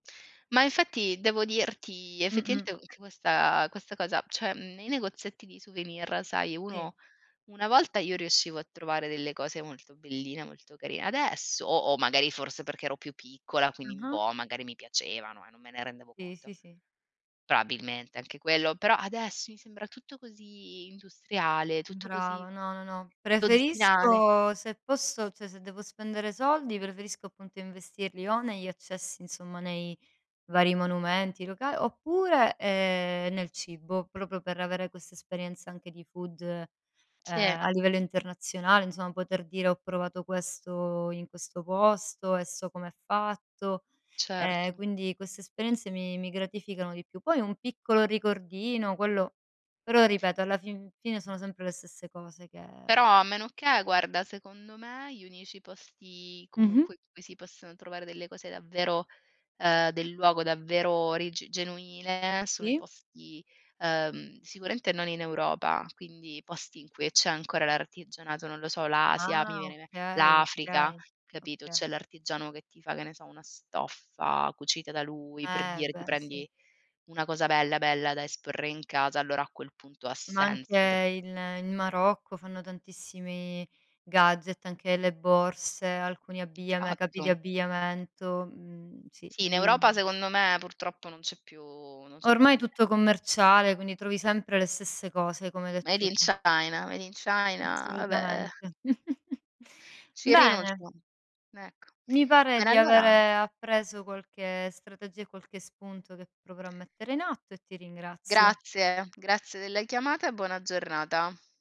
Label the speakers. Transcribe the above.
Speaker 1: Ma infatti devo dirti
Speaker 2: Mh-mh.
Speaker 1: effettivamente che questa questa cosa, cioè, mhmm, i negozietti di souvenir sai
Speaker 2: Sì.
Speaker 1: uno una volta io riuscivo a trovare delle cose molto belline, molto carine, adesso o o magari forse perché ero più piccola, quindi
Speaker 2: Ah-ah.
Speaker 1: boh, magari mi piacevano e non me ne rendevo
Speaker 2: Sì,
Speaker 1: conto,
Speaker 2: sì, si.
Speaker 1: probabilmente anche quello, però adesso mi sembra tutto così industriale, tutto così
Speaker 2: Brava, no, no, no.
Speaker 1: dozzinale.
Speaker 2: Preferisco se posso cioè se devo spendere soldi, preferisco appunto investirli o negli accessi insomma nei vari monumenti loca oppure, ehm, nel cibo proprio per avere questa esperienza anche di food
Speaker 1: Sì.
Speaker 2: a livello internazionale, insomma poter dire: "Ho provato questo in questo posto e so com'è fatto." E
Speaker 1: Certo.
Speaker 2: quindi queste esperienze mi mi gratificano di più. Poi un piccolo ricordino, quello però ripeto alla fin fine
Speaker 1: Mh.
Speaker 2: sono sempre le stesse cose che
Speaker 1: Però a meno che guarda, secondo me gli unici posti
Speaker 2: Mh-mh.
Speaker 1: comunque in cui si possono trovare delle cose davvero, ehm, del luogo, davvero origi genuine sono i
Speaker 2: Sì.
Speaker 1: posti, uhm, sicuramente non in Europa, quindi posti in cui c'è ancora l'artigianato, non lo so, l'Asia, mi
Speaker 2: Ah
Speaker 1: viene in me
Speaker 2: okay,
Speaker 1: l'Africa,
Speaker 2: okay,
Speaker 1: capito?
Speaker 2: oka
Speaker 1: C'è l'artigiano che ti fa, che ne so, una stoffa cucita da lui, per
Speaker 2: Eh
Speaker 1: dirti
Speaker 2: beh sì.
Speaker 1: prendi una cosa bella, bella da esporre in casa, allora a quel punto ha
Speaker 2: Ma anche
Speaker 1: senso per
Speaker 2: il in Marocco fanno tantissimi gadget, anche le borse, alcuni abbigliame capi di
Speaker 1: Esatto.
Speaker 2: abbigliamento, mhmm, sì
Speaker 1: Sì, in Europa
Speaker 2: lì
Speaker 1: secondo me purtroppo non c'è più non c'è più
Speaker 2: Ormai
Speaker 1: nie
Speaker 2: tutto commerciale, quindi trovi sempre le stesse cose, come hai
Speaker 1: Made
Speaker 2: detto
Speaker 1: in
Speaker 2: tu.
Speaker 1: China, made in China, vabbè eh.
Speaker 2: Assolutamente.
Speaker 1: Ci
Speaker 2: Bene.
Speaker 1: rinuncio, ecco.
Speaker 2: Mi pare
Speaker 1: Bene
Speaker 2: di
Speaker 1: allora
Speaker 2: avere appreso qualche strategia e qualche spunto che proverò a mettere in atto e ti ringrazio.
Speaker 1: Grazie, grazie della chiamata e buona giornata.